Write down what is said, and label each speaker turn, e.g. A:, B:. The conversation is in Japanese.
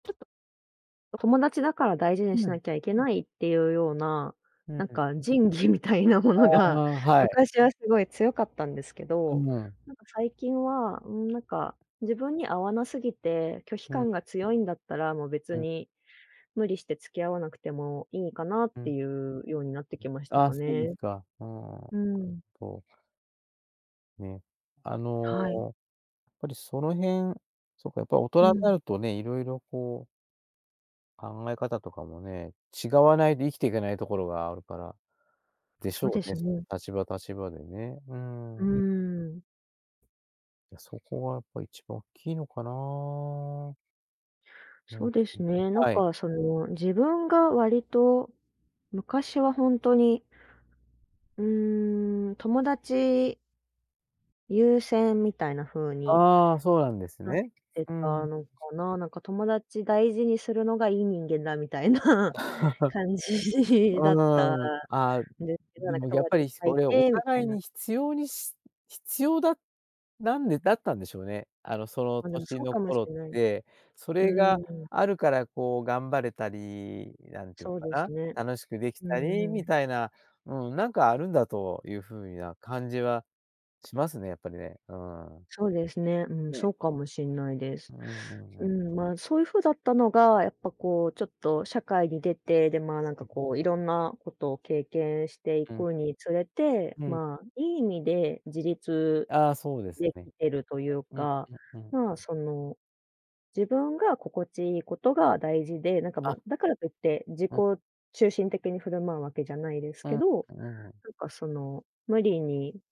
A: ちょっと、友達だから大事
B: う
A: にしな
B: ん。
A: きゃいけないっていうような、
B: う
A: なん
B: ん。
A: か仁義みたいなもの
B: あ
A: が、
B: あ、はい。
A: 昔はすごい強かったんですけ
B: う
A: ど、
B: ん。
A: なんか最近は、うーん、なんか、自分に合わなすぎて拒否
B: う
A: 感
B: ん。
A: が強いんだったら、もう別
B: うん。
A: に、無理して付き合わなくてもいいかなっ
B: うん。
A: て
B: [unintelligible]
A: いうようになってきました
B: あ
A: か
B: あ、そうで
A: ね。
B: すか。ああ、な
A: う
B: る
A: ん。
B: ほど。ね、あの、
A: はい。
B: やっぱりその辺、そっか、やっぱ大
A: う
B: 人にな
A: ん。
B: るとね、いろいろこう考え方とかもね、違わないと生きていけないところがあるから、でし
A: そう
B: ょ
A: で
B: うね、
A: す
B: そ
A: ね。
B: の立場、立場でね。う
A: う
B: ん。
A: ん。
B: いや、そこはやっぱ一番大きいのかな。
A: そうです
B: [unintelligible]
A: ね、なん
B: はい。
A: かその自分が割と、昔はほんとにうーん、友達優先みたいな風に
B: ああ、そうなんです
A: なっ
B: ね。
A: て
B: う
A: た
B: ん。
A: のか
B: [unintelligible]
A: な。なんか、友達大事にするのがいい人間だ、みたいな 感じだった
B: うん、あ、
A: んですけど、な
B: で
A: んか
B: もやっ
A: 友
B: ぱ
A: 達いっ
B: り
A: ぱい
B: そ
A: い
B: れお
A: てみた
B: 互
A: い
B: い
A: な。
B: に必要にし必要だなんでだったんでしょうね。あの、その
A: ま、でも
B: 年
A: そう
B: の
A: かもし
B: 頃っ
A: んない。
B: て、そ
A: う
B: れが
A: ん。
B: あるからこう頑張れたり、なんていう
A: そう
B: の
A: です
B: か
A: ね、
B: な、楽しくでき
A: う
B: たり
A: んう
B: み
A: ん。
B: たいな、うん、なんかあるんだというふうな感じはしますね、やっぱりね、うん。
A: そうですね、うんそ
B: ね。
A: うかもしんないで
B: う
A: す。
B: んうんう
A: う
B: ん。
A: ん、ま、そういう風だったのがやっぱこうちょっと社会に出て、でまあ、なんか
B: [unintelligible]
A: こういろんなことを経験してい
B: うん。
A: くにつれて、
B: うん。
A: まあ、いい意味で自立
B: ああ、そうです
A: で
B: ね。
A: きてるという
B: うん、
A: か、
B: うん、うん。う
A: まあ、
B: ん。
A: その、自分が心地いいことが大事で、なんか
B: あ。
A: ま、だからといって自己
B: うん。
A: 中心的に振る舞うわけじゃないです
B: う
A: け
B: ん、
A: ど、
B: うん。
A: なんかその無理に